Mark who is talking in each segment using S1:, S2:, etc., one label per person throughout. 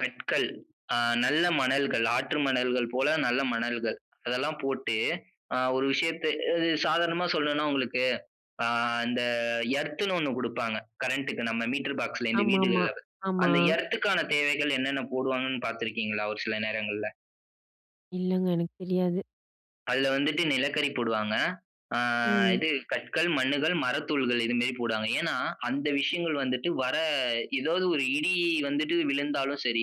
S1: கற்கள், அ நல்ல மணல்கள், ஆற்று மணல்கள் போல நல்ல மணல்கள் அதெல்லாம் போட்டு அ ஒரு விஷயத்த அது சாதாரணமா சொல்லணுன்னா உங்களுக்கு அ இந்த எர்த்ன்னு ஒண்ணு குடுப்பாங்க. கரண்ட்‌டுக்கு நம்ம மீட்டர் பாக்ஸ்ல இந்த
S2: ஆமாமா.
S1: வீடுகள்ல.
S2: ஆமா.
S1: அந்த எர்த்‌க்கான தேவைகள் என்னென்ன போடுவாங்கன்னு பார்த்திருக்கீங்களா, ஒரு சில நேரங்கள்ல?
S2: இல்லங்க, எனக்கு தெரியாது.
S1: அதுல வந்துட்டு நிலக்கரி போடுவாங்க. அ
S2: ம்.
S1: இது கற்கள், மண்ணுகள், மரத்தூள்கள் இது மாதிரி போடுவாங்க. ஏன்னா, அந்த விஷயங்கள் வந்துட்டு வர ஏதாவது ஒரு இடி வந்துட்டு விழுந்தாலும் சரி,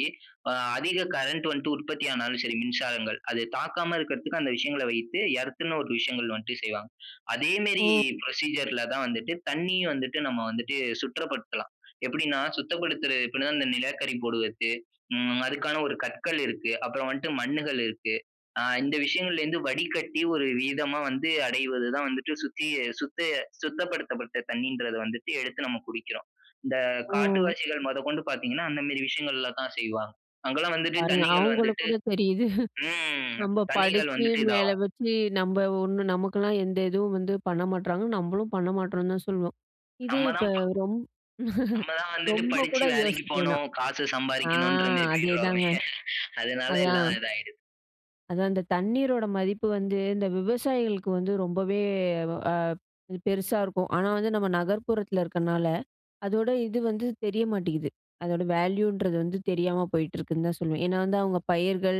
S1: அ அதிக கரண்ட் வந்துட்டு உற்பத்தி ஆனாலும் சரி, மின்சாரங்கள். அது தாக்காம இருக்கக்கறத்துக்கு அந்த விஷயங்கள வைத்து எர்த்ன்னு ஒரு விஷயங்கள் வந்துட்டு செய்வாங்க. அதே மாரி
S2: ஓ.
S1: புரோசீஜர்‌ல தான் வந்துட்டு தண்ணி வந்துட்டு நம்ம வந்துட்டு, சுத்தப்படுத்தலாம். எப்படின்னா, சுத்தப்படுத்துறது எப்டினா, இந்த நிலக்கரி போடுவதற்கு ம் அதுக்கான ஒரு கற்கள் இருக்கு. அப்பறம் வந்துட்டு மண்ணுகள் இருக்கு. அ இந்த விஷயங்கள்ல இருந்து வடிகட்டி ஒரு விதமா வந்து அடைவது தான் வந்துட்டு சுத்தி-சுத்த-சுத்தப்படுத்தப்பட்ட தண்ணீன்றது வந்துட்டு எடுத்து நம்ம குடிக்கிறோம். இந்த
S2: ஓ!
S1: காட்டுவாசிகள் மொதக்கொண்டு பார்த்தீங்கன்னா, அந்த மாதிரி விஷயங்கள்ல தான் செய்வாங்க. அங்கலாம் வந்துட்டு
S2: பாருங்க,
S1: தண்ணீகள்
S2: அவங்களுக்கு
S1: வந்துட்டு
S2: கூட தெரியுது.
S1: ம்,
S2: நம்ப
S1: தண்ணீகள்
S2: படிச்சு,
S1: வந்துட்டு
S2: மேல
S1: இதாகும்.
S2: வச்சு நம்ப ஒண்ணு நமக்கெல்லாம் எந்த இதுவும் வந்து பண்ண மாட்றாங்கன்னு, நம்பளும் பண்ண மாட்டோம்னு தான் சொல்வோம். இதே
S1: நம்ம
S2: இப்ப
S1: தான் ப
S2: ரொம்
S1: நம்ம தான் வந்துட்டு
S2: ரொம்ப
S1: படிச்சு
S2: கூட
S1: வேலைக்குப்
S2: யோசிக்க வேணாம்.
S1: போணும். காசு
S2: அ.
S1: சம்பாரிக்கணும்ன்ற மாதிரி போய்டுறோமே.
S2: அதேதாங்க.
S1: அதனால
S2: அதான்.
S1: எல்லாம் இதாயிடுது.
S2: அதான் இந்த தண்ணீரோட மதிப்பு வந்து இந்த விவசாயிகளுக்கு வந்து ரொம்பவே வ அது பெருசா இருக்கும். ஆனா வந்து நம்ம நகர்ப்புறத்துல இருக்கனால, அதோட இது வந்து தெரிய மாட்டேங்குது. அதோட வேல்யூன்றது வந்து தெரியாம போயிட்டிருக்குன்னு தான் சொல்லுவேன். ஏன்னா வந்து அவங்க பயிர்கள்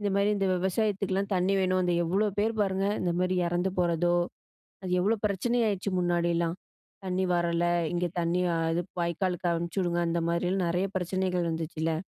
S2: இந்த மாதிரி இந்த விவசாயத்துக்குலாம் தண்ணி வேணும். அந்த எவ்ளோ பேர் பாருங்க, இந்த மாதிரி இறந்து போறதோ அது எவ்ளோ பிரச்சன ஆயிடுச்சு முன்னாடிலாம்.
S1: [unintelligible]
S2: தண்ணி வரல,
S1: கஷ்டமான
S2: இங்க
S1: விஷயங்க.
S2: தண்ணி அ இது வாய்க்காலுக்கு அனுப்பிச்சுவுடுங்க. அந்த மாதிரிலாம் நெறைய பிரச்சனைகள் வந்துச்சுல்ல?